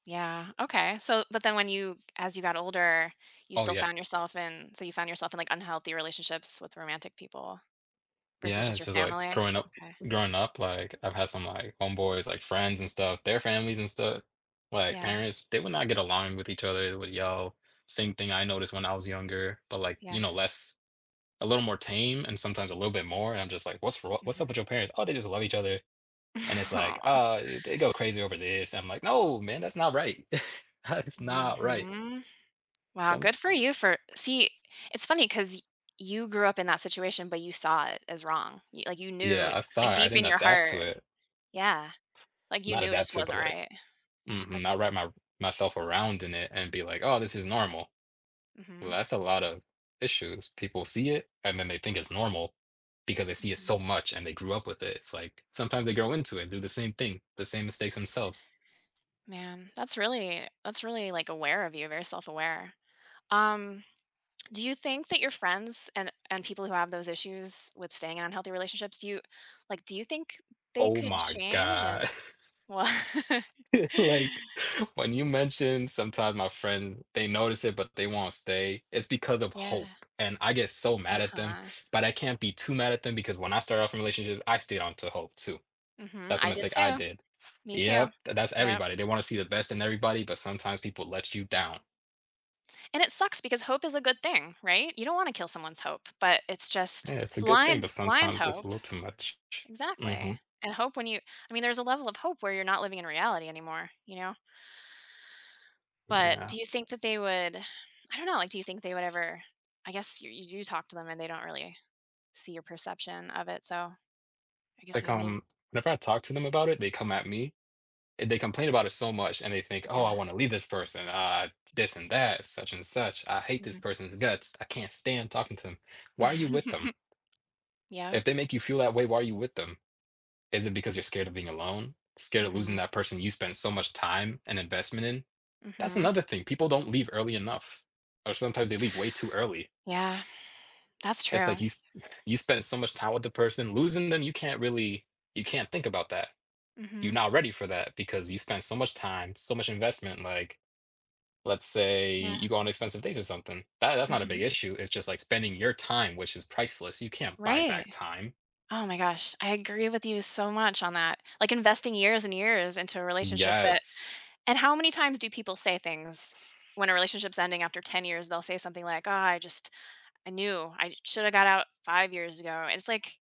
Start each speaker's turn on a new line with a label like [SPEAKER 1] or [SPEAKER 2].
[SPEAKER 1] Yeah, okay, so but then when you as you got older, you
[SPEAKER 2] Oh
[SPEAKER 1] still
[SPEAKER 2] yeah.
[SPEAKER 1] found yourself in so you found yourself in, like, unhealthy relationships with romantic people versus
[SPEAKER 2] Yeah,
[SPEAKER 1] just
[SPEAKER 2] it's
[SPEAKER 1] your
[SPEAKER 2] just like
[SPEAKER 1] family?
[SPEAKER 2] growing up
[SPEAKER 1] Okay.
[SPEAKER 2] growing up, like, I've had some, like, homeboys, like, friends and stuff, their families and stuff, like,
[SPEAKER 1] Yeah.
[SPEAKER 2] parents, they would not get along with each other, they would yell, same thing I noticed when I was younger, but, like,
[SPEAKER 1] Yeah.
[SPEAKER 2] you know, less a little more tame and sometimes a little bit more, and I'm just like, "What's wr what's up
[SPEAKER 1] Mhm.
[SPEAKER 2] with your parents?" "Oh, they just love each other," and it's like,
[SPEAKER 1] Aw.
[SPEAKER 2] "Oh, eh, they go crazy over this." I'm like, "No man, that's not right. That's not right."
[SPEAKER 1] Mhm. Wow,
[SPEAKER 2] Some
[SPEAKER 1] good for
[SPEAKER 2] s
[SPEAKER 1] you for See, it's funny 'cause y you grew up in that situation, but you saw it as wrong, y like, you knew,
[SPEAKER 2] Yeah, I saw
[SPEAKER 1] like,
[SPEAKER 2] it, I
[SPEAKER 1] deep in
[SPEAKER 2] didn't
[SPEAKER 1] your
[SPEAKER 2] adapt to
[SPEAKER 1] heart.
[SPEAKER 2] it.
[SPEAKER 1] Yeah, like you
[SPEAKER 2] Not
[SPEAKER 1] knew it
[SPEAKER 2] adapt
[SPEAKER 1] just
[SPEAKER 2] to, but
[SPEAKER 1] wasn't
[SPEAKER 2] like
[SPEAKER 1] right.
[SPEAKER 2] Mhm,
[SPEAKER 1] That's
[SPEAKER 2] not wrap my r myself around in it and be like, "Oh this is normal."
[SPEAKER 1] Mhm.
[SPEAKER 2] That's a lot of issues, people see it and then they think it's normal because they see it
[SPEAKER 1] Mhm.
[SPEAKER 2] so much and they grew up with it, it's like sometimes they grow into it and do the same thing, the same mistakes themselves.
[SPEAKER 1] Man, that's really that's really, like, aware of you, very self-aware. Um, do you think that your friends and and people who have those issues with staying in unhealthy relationships, do you like, do you think they
[SPEAKER 2] Oh
[SPEAKER 1] could
[SPEAKER 2] my
[SPEAKER 1] change
[SPEAKER 2] god.
[SPEAKER 1] and Well
[SPEAKER 2] It's like, when you mentioned sometimes my friend they notice it, but they won't stay, it's because of
[SPEAKER 1] Yeah.
[SPEAKER 2] hope, and I get so mad at them,
[SPEAKER 1] Uh-huh.
[SPEAKER 2] but I can't be too mad at them because when I started off in relationships, I stayed onto hope too.
[SPEAKER 1] Mhm.
[SPEAKER 2] That's a
[SPEAKER 1] I did
[SPEAKER 2] mistake I
[SPEAKER 1] too.
[SPEAKER 2] did.
[SPEAKER 1] Me too.
[SPEAKER 2] Yep, tha that's
[SPEAKER 1] Yup.
[SPEAKER 2] everybody, they wanna see the best in everybody, but sometimes people let you down.
[SPEAKER 1] And it sucks because hope is a good thing, right? You don't wanna kill someone's hope, but it's
[SPEAKER 2] Yeah,
[SPEAKER 1] just
[SPEAKER 2] it's a good thing,
[SPEAKER 1] blind
[SPEAKER 2] but
[SPEAKER 1] blind
[SPEAKER 2] sometimes it's
[SPEAKER 1] hope.
[SPEAKER 2] a little too much.
[SPEAKER 1] Exactly,
[SPEAKER 2] Mhm.
[SPEAKER 1] and hope when you I mean, there's a level of hope where you're not living in reality anymore, you know? But
[SPEAKER 2] Yeah.
[SPEAKER 1] do you think that they would I don't know, like, do you think they would ever, I guess you you do talk to them and they don't really see your perception of it, so I
[SPEAKER 2] It's
[SPEAKER 1] guess
[SPEAKER 2] like,
[SPEAKER 1] I mean
[SPEAKER 2] um, whenever I talk to them about it, they come at me, and they complain about it so much and they think, "Oh, I
[SPEAKER 1] Yeah.
[SPEAKER 2] wanna leave this person, uh this and that, such and such, I hate this
[SPEAKER 1] Mhm.
[SPEAKER 2] person's guts. I can't stand talking to 'em." Why are you with them?
[SPEAKER 1] Yup.
[SPEAKER 2] If they make you feel that way, why are you with them? Is it because you're scared of being alone? Scared of losing
[SPEAKER 1] Mhm.
[SPEAKER 2] that person you spent so much time and investment in? That's
[SPEAKER 1] Mhm.
[SPEAKER 2] another thing, people don't leave early enough, or sometimes they leave way too early.
[SPEAKER 1] Yeah, that's
[SPEAKER 2] It's
[SPEAKER 1] true.
[SPEAKER 2] like you s you spent so much time with the person, losing them, you can't really you can't think about that, you're
[SPEAKER 1] Mhm.
[SPEAKER 2] not ready for that because you spent so much time, so much investment like let's say you
[SPEAKER 1] Yeah.
[SPEAKER 2] go on expensive dates or something, that that's not a big
[SPEAKER 1] Mhm.
[SPEAKER 2] issue, it's just like spending your time, which is priceless, you can't buy
[SPEAKER 1] Right.
[SPEAKER 2] back time.
[SPEAKER 1] Oh my gosh, I agree with you so much on that, like, investing years and years into a relationship, that
[SPEAKER 2] Yes.
[SPEAKER 1] And how many times do people say things when a relationship's ending after 10 years, they'll say something like, "Oh, I just I knew, I should have got out 5 years ago," and it's like